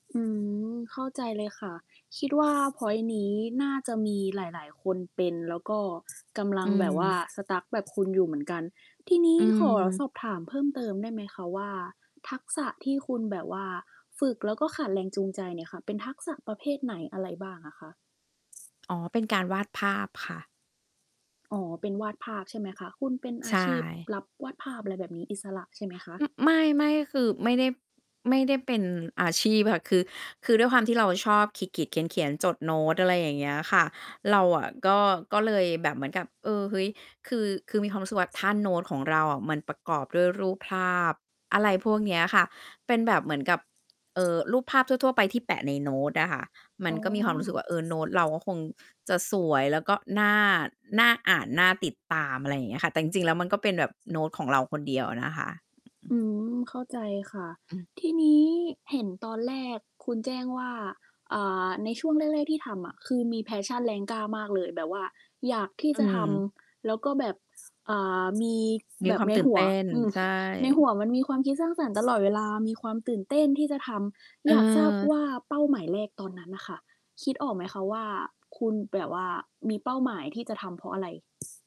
อืม เข้าใจเลยค่ะ คิดว่าพอยท์นี้น่าจะมีหลาย ๆ คนเป็นแล้วก็ กำลอัืงแบบว่า ม Stuck แบบคุณอยู่เหมือนกัน ทีนีอ้ืขอสม อบถามเพิ่มเติมได้ไหมคะว่า ทักษะที่คุณแบบว่าฝึกแล้วก็ขาดแรงจูงใจเนี่ยค่ะ เป็นทักษะประเภทไหนอะไรบ้างอะคะ? อ๋อ เป็นการวาดภาพค่ะ อ๋อ เป็นวาดภาพใช่ไหมคะ คุณเป็นใอชาชีพ่ รับวาดภาพ อะไรแบบนี้ อิสระใช่ไหมคะ? อือ ไม่ ๆ คือไม่ได้ ไม่ได้เป็นอาชีพค่ะ คือ คือด้วยความที่เราชอบขีด ๆ เขียน ๆ จดโน้ต อะไรอย่างเงี้ยค่ะ เราอะก็ ก็เลยแบบเหมือนกับ เออ เฮ้ย คือ คือมีความรู้สึกว่าถ้าโน้ตของเราอะมันประกอบด้วยรูปภาพ อะไรพวกเนี้ยค่ะ เป็นแบบเหมือนกับ เอ่อ รูปภาพทั่ว ๆ ไปที่แปะในโน้ตอะค่ะ มัอน๋ก็มีความรู้สึอ กว่าเออ โน๊ตเราก็คงจะสวยแล้วก็น่า น่าอ่านน่าติดตาม อะไรอย่างเงี้ยค่ะ แต่จริง ๆ แล้วมันก็เป็นแบบโน้ตของเรา คนเดียวอะนะคะ อืม เข้าใจค่ะ อืม ทีนี้เห็นตอนแรกคุณแจ้งว่า อ่า ในช่วงแรก ๆ ที่ทำอะ คือมี Passion แรงกล้ามากเลย แบบว่าอยากที่อืจะทม ำแล้วก็แบบ อ่า มีมีแบคบวามในตื่นหัเตว ้น อืม ใชในห่ ัวมันมีความคิดสร้างสรรค์ตลอดเวลา มีความตื่นเต้นที่จะทำ อยากทราบเออ ว่าเป้าหมายแรกตอนนั้นน่ะค่ะ คิดออกไหมคะว่า คุณแบบว่ามีเป้าหมายที่จะทำเพราะอะไร?